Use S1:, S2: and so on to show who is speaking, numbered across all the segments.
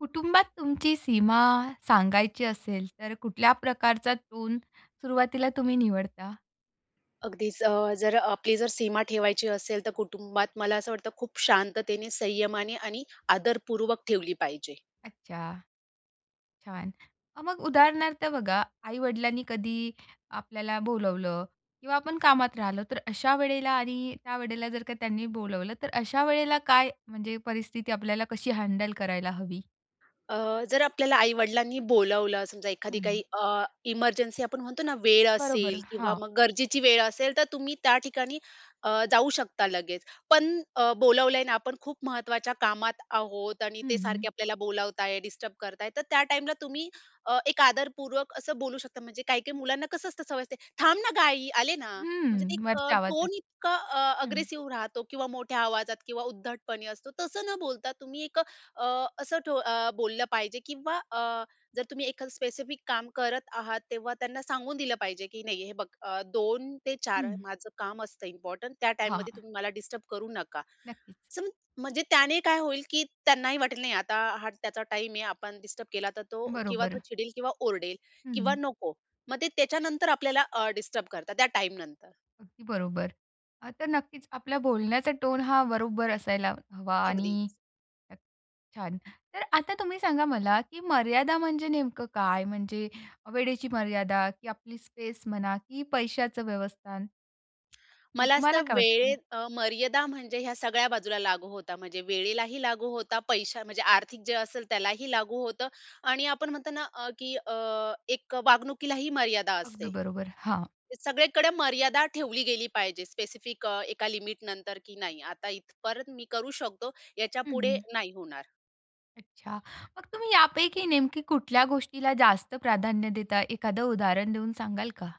S1: कुटुंबात तुमची सीमा सांगायची असेल, तर कुठल्या प्रकारचा टोन सुरुवातीला तुम्ही निवडता?
S2: अगदीच अ, जर अ, आपली जर सीमा ठेवायची असेल तर कुटुंबात मला असं वाटतं खूप शांततेने, संयमाने आणि आदरपूर्वक ठेवली पाहिजे.
S1: अच्छा. छान. अ, मग उदाहरणार्थ बघा, आई-वडिलांनी कधी आपल्याला बोलावलं किंवा आपण कामात राहिलो, तर अशा वेळेला आणि त्या वेळेला जर का त्यांनी बोलावलं, तर अशा वेळेला काय म्हणजे परिस्थिती आपल्याला कशी हँडल करायला हवी?
S2: अ, जर आपल्याला आई-वडिलांनी बोलावलं समजा एखादी काही
S1: हं.
S2: अ, इमर्जन्सी आपण म्हणतो ना वेळ
S1: बरोबर,
S2: असेल किंवा
S1: हां.
S2: मग गरजेची वेळ असेल तर तुम्ही त्या ठिकाणी अ, जाऊ शकता लगेच. पण अ, बोलावलंय अन आपण खूप महत्त्वाच्या कामात आहोत आणि
S1: हं,
S2: ते
S1: हं.
S2: सारखे आपल्याला बोलावताय, डिस्टर्ब करताय, तर त्या टाईमला तुम्ही अ, एक आदरपूर्वक असं बोलू शकता, म्हणजे काही, काही मुलांना कसं असतं सवय असते. "थांब ना ग आई आले ना." म्हणजे ते
S1: हम्म.
S2: एक अ,
S1: वरचा आवाज
S2: टोन
S1: असतो
S2: इतका अ,
S1: हं.
S2: अग्रेसिव्ह राहतो किंवा मोठ्या आवाजात किंवा उद्धटपणे असतो, तसं न बोलता तुम्ही एक अ, असं ठो अ, बोललं पाहिजे किंवा अ, जर तुम्ही एखादं स्पेसिफिक काम करत आहात, तेव्हा त्यांना सांगून दिलं पाहिजे, की नाही हे बघ, अ, 2-4
S1: हं.
S2: माझं काम असतं इम्पोर्टंट त्या
S1: हां,
S2: टाईममध्ये,
S1: हां.
S2: तुम्ही मला डिस्टर्ब करू नका.
S1: नक्कीच.
S2: सम म्हणजे त्याने काय होईल, की त्यांनाही वाटेल नाही आता हा त्याचा टाईम आहे, आपण डिस्टर्ब केला तर तो किंवा तो
S1: बरोबर.
S2: चिडेल किंवा ओरडेल किंवा
S1: हं.
S2: नको. मग ते त्याच्यानंतर आपल्याला अ, डिस्टर्ब करतात त्या टाईमनंतर.
S1: बरोबर. अ, तर नक्कीच आपल्या बोलण्याचा टोन हा बरोबर असायला हवा
S2: अगदीच.
S1: आणि छान. तर आता तुम्ही सांगा मला की मर्यादा म्हणजे नेमकं काय? म्हणजे वेळेची मर्यादा, की आपली स्पेस म्हणा की पैशाचं व्यवस्थान?
S2: मला
S1: तुम्हाला
S2: असतं
S1: काय वाटतं?
S2: वेळेत अ, मर्यादा म्हणजे ह्या सगळ्या बाजूला लागू होता. म्हणजे वेळेलाही लागू होता, पैशा म्हणजे आर्थिक जे असेल त्यालाही लागू होतं. आणि आपण म्हणतो ना अ, की एक वागणुकीला ही मर्यादा
S1: अगदी
S2: असते.
S1: बरोबर, हां.
S2: सगळीकडे मर्यादा ठेवली गेली पाहिजे, स्पेसिफिक एका लिमिट नंतर की नाही. आता इथं परत मी करू शकतो, याच्या
S1: हं,
S2: पुढे
S1: हं.
S2: नाही होणार.
S1: अच्छा, मग तुम्ही यापैकी नेमकी कुठल्या गोष्टीला जास्त प्राधान्य देता, एखादं उदाहरण देऊन सांगाल का?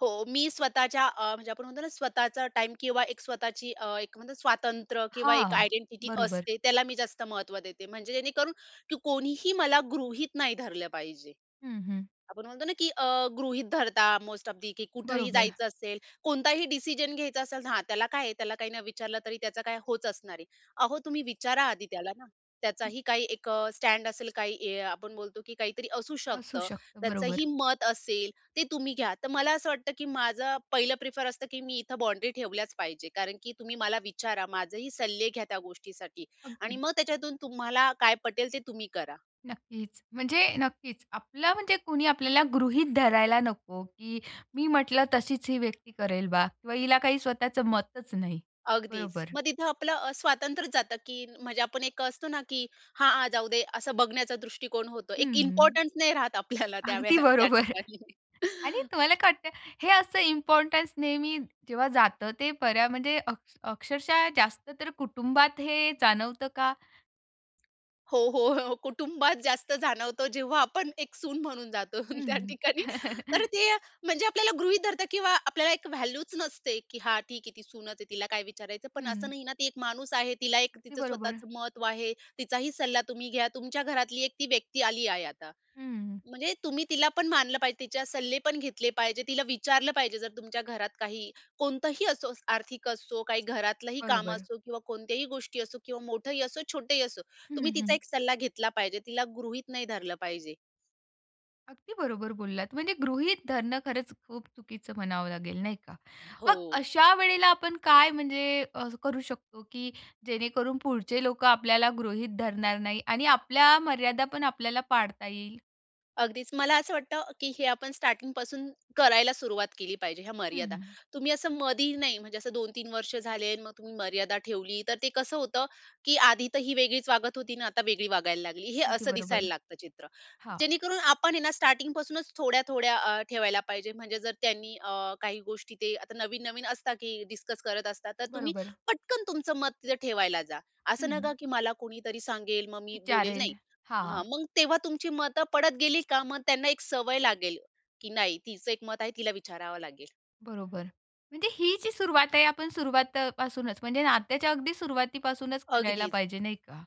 S2: हो, मी स्वतःच्या अ, म्हणजे आपण म्हणतो ना स्वतःचा टाईम किंवा एक स्वतःची अ, एक स्वातंत्र्य किंवा एक
S1: हां,
S2: आयडेंटिटी
S1: बरोबर.
S2: असते, त्याला मी जास्त महत्व देते. म्हणजे जेणेकरून की कोणीही मला गृहीत नाही धरलं पाहिजे.
S1: हं, हं.
S2: आपण म्हणतो ना की अ, गृहीत धरता मोस्ट ऑफ दि की कुठेही
S1: बरोबर.
S2: जायचं असेल कोणताही डिसिजन घ्यायचा असेल हां त्याला काय आहे त्याला काही न विचारलं तरी त्याचं काय, होच असणार आहे. अहो तुम्ही विचारा आधी त्याला ना. त्याचाही काही एक अ, स्टँड असेल काही हे आपण बोलतो, की काहीतरी असू
S1: असू
S2: शकतं.
S1: शकतं,
S2: त्याचंही
S1: बरोबर.
S2: मत असेल ते तुम्ही घ्या. तर मला असं वाटतं की माझं पहिलं प्रिफर असतं की मी इथे बाउंड्री ठेवल्याच पाहिजे कारण की तुम्ही मला विचारा माझंही सल्ले घ्या त्या गोष्टीसाठी आणि
S1: अगदी.
S2: मग त्याच्यातून तुम्हाला काय पटेल, ते तुम्ही करा.
S1: नक्कीच. म्हणजे नक्कीच आपला म्हणजे कोणी आपल्याला गृहीत धरायला नको, की मी म्हटलं तशीच ही व्यक्ती करेल बा किंवा हिला काही स्वतःचं मतच नाही.
S2: अगदीच.
S1: बरोबर.
S2: मग तिथे आपलं अ, स्वातंत्र्यच जातं की म्हणजे आपण एक असतो ना, की हां, हां. जाऊ दे असं बघण्याचा दृष्टिकोन होतो. एक
S1: हं, हं.
S2: इम्पोर्टन्स नाही राहत आपल्याला त्या
S1: अगदी
S2: वेळे त्या
S1: बरोबर.
S2: ठिकाणी.
S1: आणि तुम्हाला काय वाटतं, हे असं इम्पोर्टन्स नेहमी जेव्हा जातं ते बऱ्या म्हणजे अक अक्षरशः जास्त तर कुटुंबात हे जाणवतं का?
S2: हो, हो, हो, कुटुंबात जास्त जाणवतो जेव्हा आपण एक सून म्हणून जातो त्या
S1: हं,
S2: ठिकाणी. तर
S1: हं.
S2: ते म्हणजे आपल्याला गृहीत धरता किंवा आपल्याला एक व्हॅल्यूच नसते, की हा ठीक आहे ती सूनच आहे तिला काय विचारायचं पण
S1: हं.
S2: असं नाही ना ती एक माणूस आहे, तिला एक
S1: अगदी
S2: तिचं
S1: बरोबर.
S2: स्वतःचं महत्व आहे, तिचाही सल्ला तुम्ही घ्या. तुमच्या घरातली एक ती व्यक्ती आली आहे आता.
S1: हं.
S2: म्हणजे तुम्ही तिला पण मानलं पाहिजे, तिच्या सल्ले पण घेतले पाहिजे. तिला विचारलं पाहिजे जर तुमच्या घरात काही कोणतंही असो आर्थिक असो काही घरातलंही काम
S1: बरोबर.
S2: असो किंवा कोणत्याही गोष्टी असो किंवा मोठंही असो किंवा छोटंही असो.
S1: हं,
S2: तुम्ही तिचा
S1: हं.
S2: एक सल्ला घेतला पाहिजे. तिला गृहीत नाही धरलं पाहिजे.
S1: अगदी बरोबर बोललात. म्हणजे गृहीत धरणं खरंच खूप चुकीचं म्हणावं लागेल नाही का? मग
S2: हो.
S1: अशा वेळेला आपण काय म्हणजे करू शकतो, की जेणेकरून पुढचे लोकं आपल्याला गृहीत धरणार नाही आणि आपल्या मर्यादा पण आपल्याला पाळता येईल?
S2: अगदीच मला असं वाटतं, की हे आपण स्टार्टिंग पासून करायला सुरुवात केली पाहिजे ह्या मर्यादा.
S1: हं.
S2: तुम्ही असं मधी नाही म्हणजे असं 2-3 वर्ष झाले आणि मग तुम्ही मर्यादा ठेवली तर ते कसं होतं, की आधी तर ही वेगळीच वागत होती आणि आता वेगळी वागायला लागली, हे
S1: अगदी
S2: असं
S1: बरोबर.
S2: दिसायला लागतं चित्र.
S1: हां.
S2: जेणेकरून आपण हे ना स्टार्टिंग पासूनच थोड्या थोड्या अ, ठेवायला पाहिजे म्हणजे जर त्यांनी अ, काही गोष्टी ते आता नवीन-नवीन असतात, की डिस्कस करत असतात तर तुम्ही
S1: बरोबर.
S2: पटकन तुमचं मत तिथे ठेवायला जा; असं नका,
S1: हं.
S2: की मला कोणीतरी सांगेल मग मी बोलेल, नाही.
S1: विचारेल
S2: हां,
S1: हां.
S2: मग तेव्हा तुमची मतं पडत गेली का मग त्यांना एक सवय लागेल, की नाही तिचं एक मत आहे, तिला विचारावं लागेल.
S1: बरोबर, म्हणजे ही जी सुरुवात आहे. आपण सुरवातपासूनच म्हणजे नात्याच्या अगदी सुरुवातीपासूनच करायला
S2: अगदीच.
S1: पाहिजे, नाही का?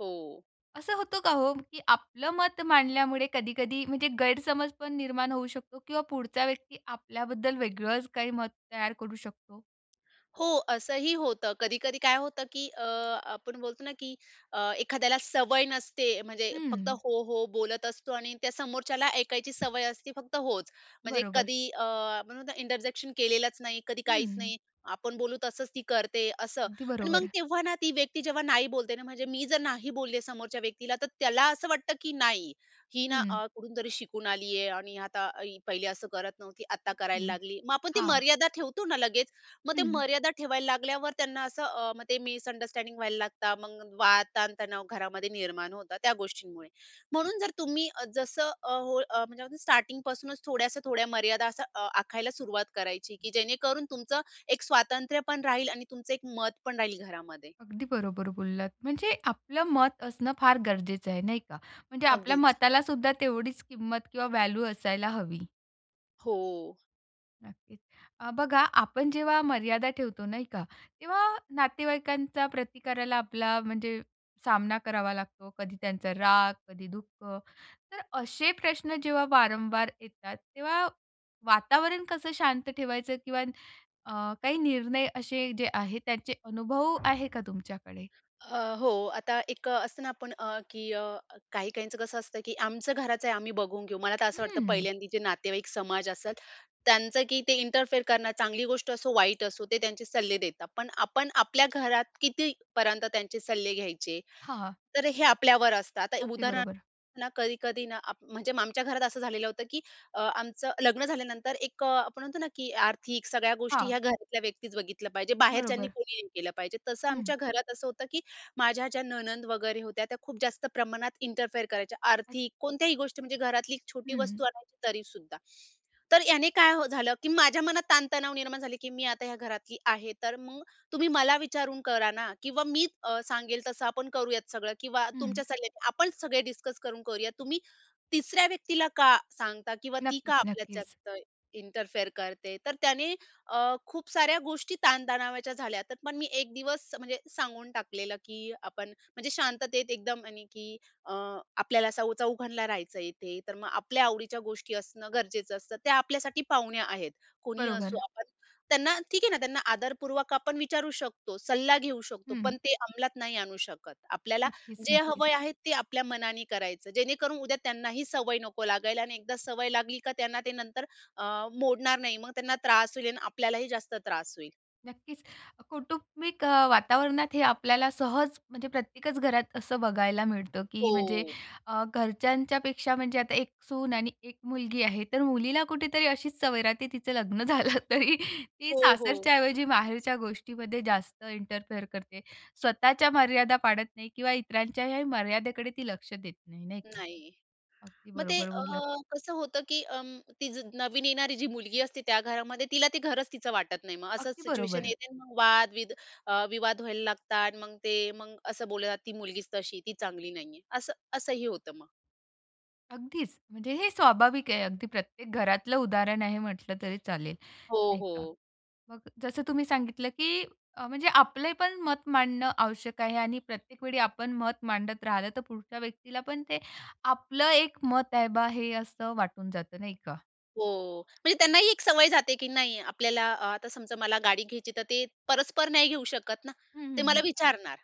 S2: हो.
S1: असं होतं का हो, की आपलं मत मांडल्यामुळे कधी-कधी म्हणजे गैरसमज पण निर्माण होऊ शकतो किंवा पुढचा व्यक्ती आपल्याबद्दल वेगळंच काही मत तयार करू शकतो?
S2: हो. असंही होतं. कधी-कधी काय होतं की अ, आपण बोलतो ना की अ, एखाद्याला सवय नसते. म्हणजे फक्त
S1: हं.
S2: "हो! हो!" बोलत असतो. आणि त्या समोरच्याला ऐकायची सवय असते फक्त होच. म्हणजे
S1: बरोबर.
S2: कधी अ, आपण म्हणतो ना इंटरजेक्शन केलेलंच नाही, कधी काहीच
S1: हं.
S2: नाही. आपण बोलू तसंच ती करते, असं.
S1: अगदी
S2: आणि
S1: बरोबर
S2: मग
S1: आहे.
S2: तेव्हा ना ती व्यक्ती जेव्हा "नाही." बोलते ना म्हणजे मी जर नाही बोलले समोरच्या व्यक्तीला तर त्याला असं वाटतं की नाही, ही ना
S1: हं.
S2: अ, कुठूनतरी शिकून आली आहे. आणि आता ही पहिले असं करत नव्हती आता करायला
S1: हं.
S2: लागली. मग आपण ती
S1: हां.
S2: मर्यादा ठेवतो ना लगेच मग ते
S1: हं.
S2: मर्यादा ठेवायला लागल्यावर त्यांना असं अ, मग ते मिसअंडरस्टँडिंग व्हायला लागतात. मग वाद ताणतणाव घरामध्ये निर्माण होतात त्या गोष्टींमुळे. म्हणून जर तुम्ही जसं अ, हो म्हणजे म्हणतात ना असं स्टार्टिंग पासूनच थोड्याशा थोड्या मर्यादा अ, आखायला सुरुवात करायची की जेणेकरून तुमचं एक स्वातंत्र्य पण राहील आणि तुमचं एक मतपण राहील घरामध्ये.
S1: अगदी बरोबर बोललात. म्हणजे आपलं मत असणं फार गरजेचं आहे, नाही का? म्हणजे आपल्या
S2: अगदीच.
S1: मताला सुद्धा तेवढीच किंमत किंवा व्हॅल्यू असायला हवी.
S2: हो.
S1: नक्कीच. अ, बघा आपण जेव्हा मर्यादा ठेवतो, नाही का? तेव्हा नातेवाईकांच्या प्रतिकाराला आपला म्हणजे सामना करावा लागतो. कधी त्यांचा राग, कधी दुःख. तर असे प्रश्न जेव्हा वारंवार येतात, तेव्हा वातावरण कसं शांत ठेवायचं किंवा अ, काही निर्णय असे जे आहेत त्यांचे अनुभव आहे का तुमच्याकडे?
S2: अ, हो आता एक अ, असतं ना आपण अ, की अ, काही-काहींच कसं असतं की आमचं घराचं आहे आम्ही बघून घेऊ. मला तर असं वाटतं
S1: हं.
S2: पहिल्यांदा जी नातेवाईक समाज असेल, त्यांचं की ते इंटरफेअर करणं चांगली गोष्ट असो, वाईट असो ते त्यांचे सल्ले देतात. पण आपण आपल्या घरात किती पर्यंत त्यांचे सल्ले घ्यायचे?
S1: हां.
S2: तर हे आपल्यावर असतं. आता
S1: अगदी
S2: उदाहरणार्थ
S1: बरोबर.
S2: ना कधी-कधी ना आप म्हणजे आमच्या घरात असं झालेलं होतं की अ, आमचं लग्न झाल्यानंतर एक अ, आपण म्हणतो ना की आर्थिक सगळ्या गोष्टी
S1: हां.
S2: ह्या घरातल्या व्यक्तीच बघितल्या पाहिजे. बाहेरच्यांनी
S1: बरोबर.
S2: कोणी नाही केलं पाहिजे. तसं
S1: हं.
S2: आमच्या घरात असं होतं की माझ्या ज्या नणंद वगैरे होत्या, त्या खूप जास्त प्रमाणात इंटरफेअर करायच्या, आर्थिक कोणत्याही गोष्टी म्हणजे घरातली एक छोटी
S1: हं.
S2: वस्तू आणायची तरी सुद्धा. तर याने काय झालं की माझ्या मनात ताण-तणाव निर्माण झाले की "मी आता ह्या घरातली आहे, तर मग तुम्ही मला विचारून करा ना किंवा मी अ, सांगेल तसं आपण करूयात सगळं किंवा तुमचे
S1: हं.
S2: सल्ले आपण सगळे डिस्कस करून करूयात. तुम्ही तिसऱ्या व्यक्तीला का सांगता किंवा ती का
S1: नक्कीच,
S2: आपल्याच्यात
S1: नक्कीच.
S2: जास्त इंटरफेअर करते?" तर त्याने अ, खूप साऱ्या गोष्टी ताण-तणावाच्या झाल्या. त्यात पण मी एक दिवस म्हणजे सांगून टाकलेलं की आपण म्हणजे शांततेत एकदम आणि की अ, आपल्याला सौ चौघांना राहायचंय इथे तर मग आपल्या आवडीच्या गोष्टी असणं गरजेचं असतं. त्या आपल्यासाठी पाहुण्या आहेत. कोणीही असो
S1: बरोबर.
S2: आपण त्यांना, ठीक आहे ना त्यांना आदरपूर्वक आपण विचारू शकतो, सल्ला घेऊ शकतो,
S1: हं.
S2: पण ते अंमलात नाही आणू शकत. आपल्याला
S1: नक्कीच,
S2: जे
S1: नक्कीच.
S2: हवं आहे ते आपल्या मनाने करायचं, जेणेकरून उद्या त्यांनाही सवय नको लागायला. आणि एकदा सवय लागली का त्यांना ते नंतर अ, मोडणार नाही. मग त्यांना त्रास होईल आणि आपल्यालाही जास्त त्रास होईल.
S1: नक्कीच. कौटुंबिक अ, वातावरणात हे आपल्याला सहज म्हणजे प्रत्येकच घरात असं बघायला मिळतं की म्हणजे
S2: हो.
S1: अ, घरच्यांच्यापेक्षा म्हणजे आता एक सून आणि एक मुलगी आहे. तर मुलीला कुठेतरी अशीच सवय राहते तिचं लग्न झालं तरी ती
S2: हो, हो.
S1: सासरच्या ऐवजी माहेरच्या गोष्टीमध्ये जास्त इंटरफेअर करते. स्वतःच्या मर्यादा पाळत नाही किंवा इतरांच्याही मर्यादेकडे ती लक्ष देत नाही, नाही का,
S2: नाही.
S1: अगदी
S2: मग ते
S1: बरोबर
S2: अ,
S1: बोललात.
S2: कसं होतं की अं, ती नवीन येणारी जी मुलगी असते त्या घरामध्ये, तिला ते घरच तिचं वाटत नाही. मग असंच
S1: अगदी
S2: सिच्युएशन
S1: बरोबर.
S2: येते मग वाद विद अ, विवाद व्हायला लागतात. मग ते मग असं बोललं जाते ती मुलगीच तशी आहे ती चांगली नाही आहे असं असंही होतं मग.
S1: अगदीच. म्हणजे हे स्वाभाविक आहे. अगदी प्रत्येक घरातलं उदाहरण आहे म्हटलं तरी चालेल.
S2: हो,
S1: नाही का.
S2: हो.
S1: मग जसं तुम्ही सांगितलं की अ, म्हणजे आपलेपण मत मांडणं आवश्यक आहे आणि प्रत्येक वेळी आपण मत मांडत राहिलं तर पुढच्या व्यक्तीला पण ते आपलं एक मत आहे बा हे असं वाटून जातं, नाही का?
S2: हो. म्हणजे त्यांना ही एक सवय जाते की नाही आपल्याला अ, आता समजा मला गाडी घ्यायची तर ते परस्पर नाही घेऊ शकत ना?
S1: हं, हं,
S2: ते मला
S1: हं.
S2: विचारणार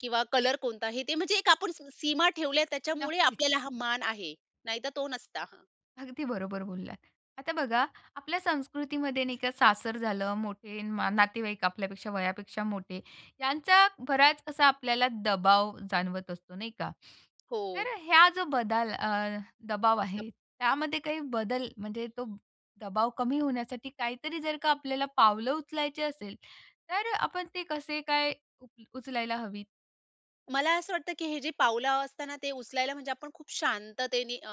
S2: किंवा कलर कोणता हे ते म्हणजे एक आपण स सीमा ठेवल्यात त्याच्यामुळे
S1: नक्कीच.
S2: आपल्याला हा मान आहे, नाही तर तो नसता.
S1: अगदी बरोबर बोललात. आता बघा आपल्या संस्कृतीमध्ये नाही का सासर झालं मोठे नातेवाईक आपल्यापेक्षा वयापेक्षा मोठे यांचा बराच असा आपल्याला दबाव जाणवत असतो नाही का,
S2: हो.
S1: तर ह्या जो बदल अ, दबाव
S2: [unintelligible]
S1: आहे त्यामध्ये काही बदल म्हणजे तो दबाव कमी होण्यासाठी काही तरी जर का आपल्याला पावलं उचलायची असेल तर अ, आपण ते कसे काय उप उचलायला हवीत?
S2: मला असं वाटतं, की हे जे पावलं असता ना ते उचलायला म्हणजे आपण खूप शांततेने अ,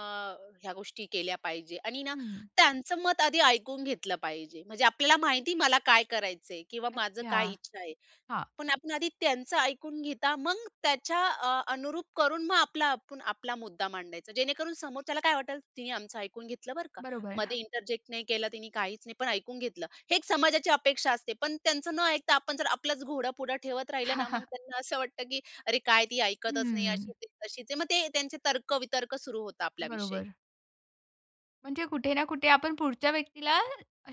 S2: ह्या गोष्टी केल्या पाहिजे आणि ना
S1: हं.
S2: त्यांचं मत आधी ऐकून घेतलं पाहिजे. म्हणजे आपल्याला माहिती आहे मला काय करायचंय किंवा माझं
S1: अच्छा.
S2: काय इच्छा आहे.
S1: हां.
S2: पण आपण आधी त्यांचं ऐकून घेता मग त्याच्या अ, अनुरूप करून मग आपला आपण आपला मुद्दा मांडायचा. जेणेकरून समोर त्याला काय वाटलं तिने आमचं ऐकून घेतलं बरं का,
S1: बरोबर.
S2: मध्ये इंटरजेक्ट नाही केलं तिने, काहीच नाही पण ऐकून घेतलं. हे एक समाजाची अपेक्षा असते. पण त्यांचं न ऐकता आपण जर आपलाच घोडं पुढं ठेवत राहिलं ना मग त्यांना असं वाटतं, की "अरे काय ती ऐकतच नाही,
S1: हम्म.
S2: अशीच आहे, तशीच आहे." मग ते त्यांचे तर्क-वितर्क सुरु होता आपल्या विषयी.
S1: बरोबर. म्हणजे कुठे ना कुठे आपण पुढच्या व्यक्तीला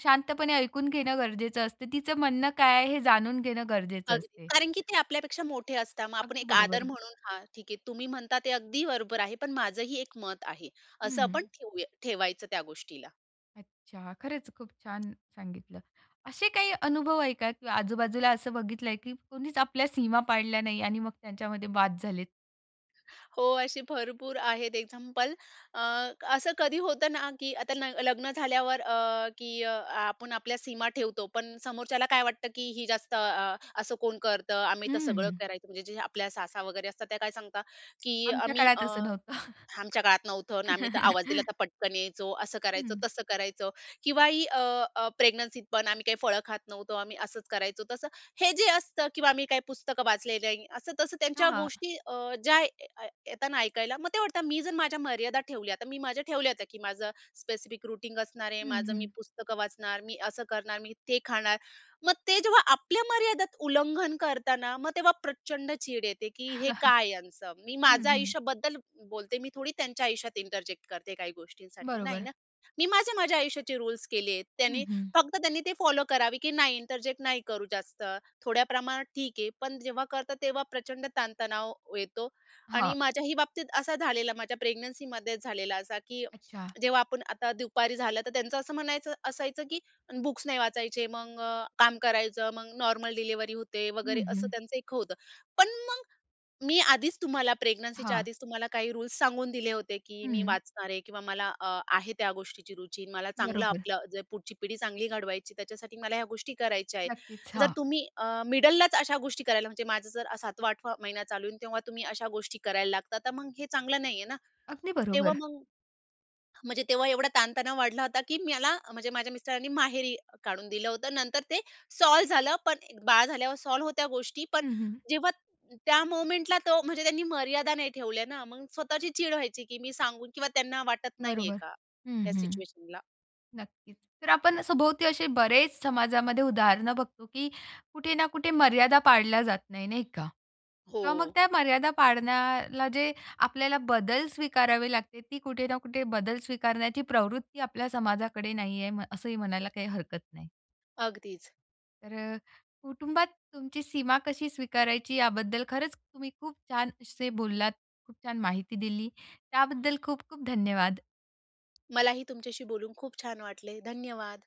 S1: शांतपणे ऐकून घेणं गरजेचं असते, तिचं म्हणणं काय आहे हे जाणून घेणं गरजेचं
S2: अगदी.
S1: असते.
S2: कारण की ते आपल्यापेक्षा मोठे असतात मग आपण
S1: अगदी
S2: एक आदर
S1: बरोबर.
S2: म्हणून हा ठीक आहे तुम्ही म्हणता ते अगदी बरोबर आहे पण माझंही एक मत आहे. असं
S1: हं,
S2: आपण
S1: हं.
S2: ठेऊया ठेवायचं त्या गोष्टीला.
S1: अच्छा. खरंच खूप छान सांगितलं. असे काही अनुभव आहे का? किंवा आजूबाजूला असं बघितल आहे, की कोणीच आपल्या सीमा पाडल्या नाही आणि मग त्यांच्यामध्ये वाद झालेत.
S2: हो. असे भरपूर आहेत एक्झाम्पल. अ, असं कधी होतं ना की आता न लग्न झाल्यावर अ, की अ, आपण आपल्या सीमा ठेवतो. पण समोरच्याला काय वाटतं? की ही जास्त अ, असं कोण करतं. आम्ही तर सगळं
S1: हम्म.
S2: करायचं म्हणजे जे आपल्या सासा वगैरे असतात त्या काय सांगता, की
S1: आमच्या
S2: आम्ही
S1: काळात
S2: अ,
S1: असं नव्हतं.
S2: आमच्या काळात नव्हतं. आणि आम्ही तर आवाज दिला तर पटकन यायचो, असं करायचो,
S1: हं.
S2: तसं करायचो किंवा ही अ, अ, प्रेग्नन्सीत पण आम्ही काही फळं खात नव्हतो. आम्ही असंच करायचो तसं हे जे असतं किंवा आम्ही काही पुस्तकं वाचले नाही. असं, तसं त्यांच्या
S1: हां.
S2: गोष्टी अ ज्या ये येताना ऐकायला, मग ते वाटतं मी जर माझ्या मर्यादा ठेवल्या आता मी माझ्या ठेवल्या होत्या, की माझं स्पेसिफिक रुटीन असणार आहे.
S1: हं,
S2: माझं
S1: हं.
S2: मी पुस्तकं वाचणार, मी असं करणार, मी ते खाणार. मग ते जेव्हा आपल्या मर्यादेत उल्लंघन करता ना, मग तेव्हा प्रचंड चीड येते. की हे काय यांचं? मी
S1: हं,
S2: माझं
S1: हं.
S2: आयुष्याबद्दल बोलते, मी थोडी त्यांच्या आयुष्यात इंटरजेक्ट करते काही गोष्टींसाठी नाही
S1: बरोबर.
S2: ना? मी माझे माझ्या आयुष्याचे रुल्स केलेत.
S1: हं,
S2: त्यांनी
S1: हं.
S2: फक्त त्यांनी ते फॉलो करावे की नाही इंटरजेक्ट नाही करू जास्त. थोड्या प्रमाणात ठीक आहे, पण जेव्हा करता तेव्हा प्रचंड ताणतणाव येतो. आणि
S1: हां.
S2: माझ्याही बाबतीत असा झालेला. माझ्या प्रेग्नन्सीमध्ये झालेला असा की
S1: अच्छा.
S2: जेव्हा आपण आता दुपारी झालं तर त्यांचं असं म्हणन असायचं की बुक्स नाही वाचायचे. मग काम करायचं, मग नॉर्मल डिलिव्हरी होते वगैरे
S1: हं,
S2: असं
S1: हं.
S2: त्यांचं एक होतं. पण मग मी आधीच तुम्हाला प्रेग्नन्सीच्या
S1: हां.
S2: आधीच तुम्हाला काही रुल्स सांगून दिले होते की मी
S1: हं.
S2: वाचणार आहे. किंवा मला अ, आहे त्या गोष्टीची रुची, मला चांगलं
S1: बरोबर.
S2: आपलं जे पुढची-पिढी चांगली घडवायची त्याच्यासाठी मला ह्या गोष्टी करायच्या आहे.
S1: नक्कीच,
S2: जर
S1: हां.
S2: तुम्ही अ, मिडललाच अशा गोष्टी करायला म्हणजे माझा जर सातवा-आठवा महिना चालू होईल तेव्हा तुम्ही अशा गोष्टी करायला लागतात. तर मग हे चांगलं नाही आहे ना.
S1: अगदी
S2: तेव्हा
S1: बरोबर.
S2: मग, म्हणजे तेव्हा एवढा ताण तणाव वाढला होता. की मला म्हणजे माझ्या मिस्टरांनी माहेरी काढून दिलं होतं. नंतर ते सॉल्व्ह झालं. पण बाळ झाल्यावर सॉल्व्ह होत्या गोष्टी. पण
S1: हं, हं.
S2: जेव्हा त्या मूव्हमेंटला तो म्हणजे त्यांनी मर्यादा नाही ठेवल्या ना, मग स्वतःची चीड व्हायची की मी सांगून किंवा त्यांना वाटत नाही आहे
S1: बरोबर.
S2: का?
S1: हं,
S2: ह्या
S1: हं.
S2: सिच्युएशनला.
S1: नक्कीच. तर आपण सभोवती असे बरेच समाजामध्ये उदाहरण बघतो, की कुठे ना कुठे मर्यादा पाळल्या जात नाही. नाही का? किंवा मग
S2: हो.
S1: त्या मर्यादा पाळण्याला जे आपल्याला बदल स्वीकारावे लागते. ती कुठे ना कुठे बदल स्वीकारण्याची प्रवृत्ती आपल्या समाजाकडे नाही आहे. असंही म्हणायला काही हरकत नाही.
S2: अगदीच.
S1: तर कुटुंबात तुमची सीमा कशी स्वीकारायची? याबद्दल खरंच तुम्ही खूप छान असे बोललात, खूप छान माहिती दिली त्याबद्दल खूप, खूप धन्यवाद.
S2: मलाही तुमच्याशी बोलून खूप छान वाटले. धन्यवाद.